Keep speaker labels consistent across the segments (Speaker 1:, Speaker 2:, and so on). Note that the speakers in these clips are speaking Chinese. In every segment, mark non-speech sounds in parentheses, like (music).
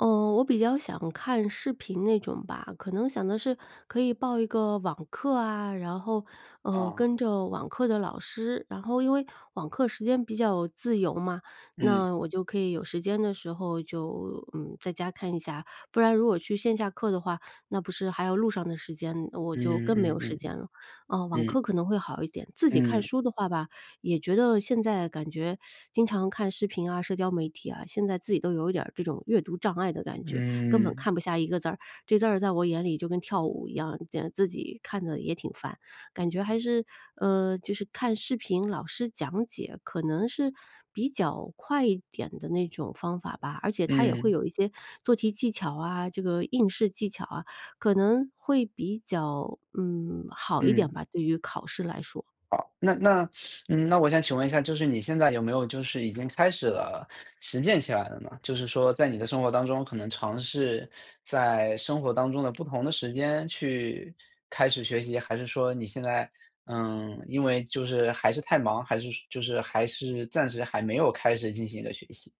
Speaker 1: 嗯，我比较想看视频那种吧。可能想的是，可以报一个网课啊，然后，呃，
Speaker 2: 啊。
Speaker 1: 跟着网课的老师。然后因为网课时间比较自由嘛，
Speaker 2: 嗯。
Speaker 1: 那我就可以有时间的时候就，嗯，在家看一下，不然如果去线下课的话，那不是还有路上的时间，我就
Speaker 2: 嗯
Speaker 1: 更没
Speaker 2: 嗯
Speaker 1: 有时
Speaker 2: 嗯嗯，
Speaker 1: 间了。呃，网
Speaker 2: 嗯。
Speaker 1: 课可能会好一点，自己看
Speaker 2: 嗯。
Speaker 1: 书的话吧，也觉得现在感觉，(sucks teeth) 经常看视频啊、社交媒体啊，现在自己都有一点儿这种阅读障碍的感觉，根本
Speaker 2: 嗯。
Speaker 1: 看不下一个字儿，这字儿在我眼里就跟跳舞一样，呃自己看着也挺烦。感觉还是，呃，就是看视频老师讲解，可能是比较快一点的那种方法吧，而且它也会
Speaker 2: 嗯。
Speaker 1: 有一些做题技巧啊，这个应试技巧啊，可能会比较，嗯，好一点
Speaker 2: 嗯。
Speaker 1: 吧，对于考试来说。
Speaker 2: 好，那那嗯，那我想请问一下，就是你现在有没有就是已经开始了，实践起来了呢？就是说在你的生活当中，可能尝试在生活当中的不同的时间，去开始学习，还是说你现在，嗯，因为就是还是太忙，还是说就是，还是暂时还没有开始进行一个学习？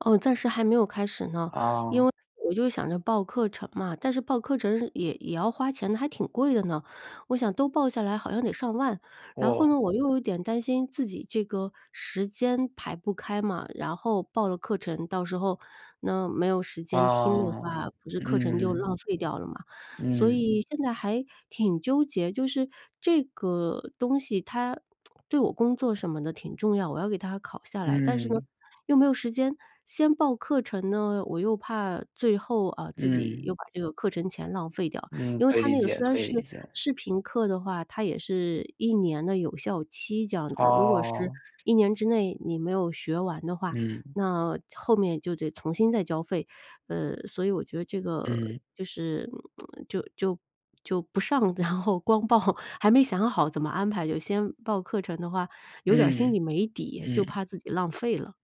Speaker 1: 哦，暂时还没有开始呢。因
Speaker 2: 啊。
Speaker 1: 为我就想着报课程嘛，但是报课程是也也要花钱的，还挺贵的呢，我想都报下来好像得上万。然后
Speaker 2: 哦。
Speaker 1: 呢，我又有点担心自己这个时间排不开嘛，然后报了课程，到时候，那没有时间听的
Speaker 2: 啊，
Speaker 1: 话，不是课程就
Speaker 2: 嗯。
Speaker 1: 浪费掉了吗？所
Speaker 2: 嗯。
Speaker 1: 以现在还挺纠结，就是这个东西它，(smacks lips) 对我工作什么的挺重要，我要给它考下来。但是呢，
Speaker 2: 嗯。
Speaker 1: 又没有时间。先报课程呢，我又怕最后，啊，自己又
Speaker 2: 嗯。
Speaker 1: 把这个课程钱浪费掉。
Speaker 2: 嗯，
Speaker 1: 因为
Speaker 2: 可以
Speaker 1: 它
Speaker 2: 理
Speaker 1: 那个
Speaker 2: 解，
Speaker 1: 虽然
Speaker 2: 可以
Speaker 1: 是
Speaker 2: 理解。
Speaker 1: 视频课的话，它也是1年的有效期这样子。如果是
Speaker 2: 哦。
Speaker 1: 1年之内你没有学完的话，
Speaker 2: 嗯。
Speaker 1: 那后面就得重新再交费。呃，所以我觉得这个，
Speaker 2: 嗯。
Speaker 1: 就是 (smacks lips) 就就就不上，然后光报，还没想好怎么安排就先报课程的话，有点儿心
Speaker 2: 嗯，
Speaker 1: 里没底，就
Speaker 2: 嗯。
Speaker 1: 怕自己浪费了。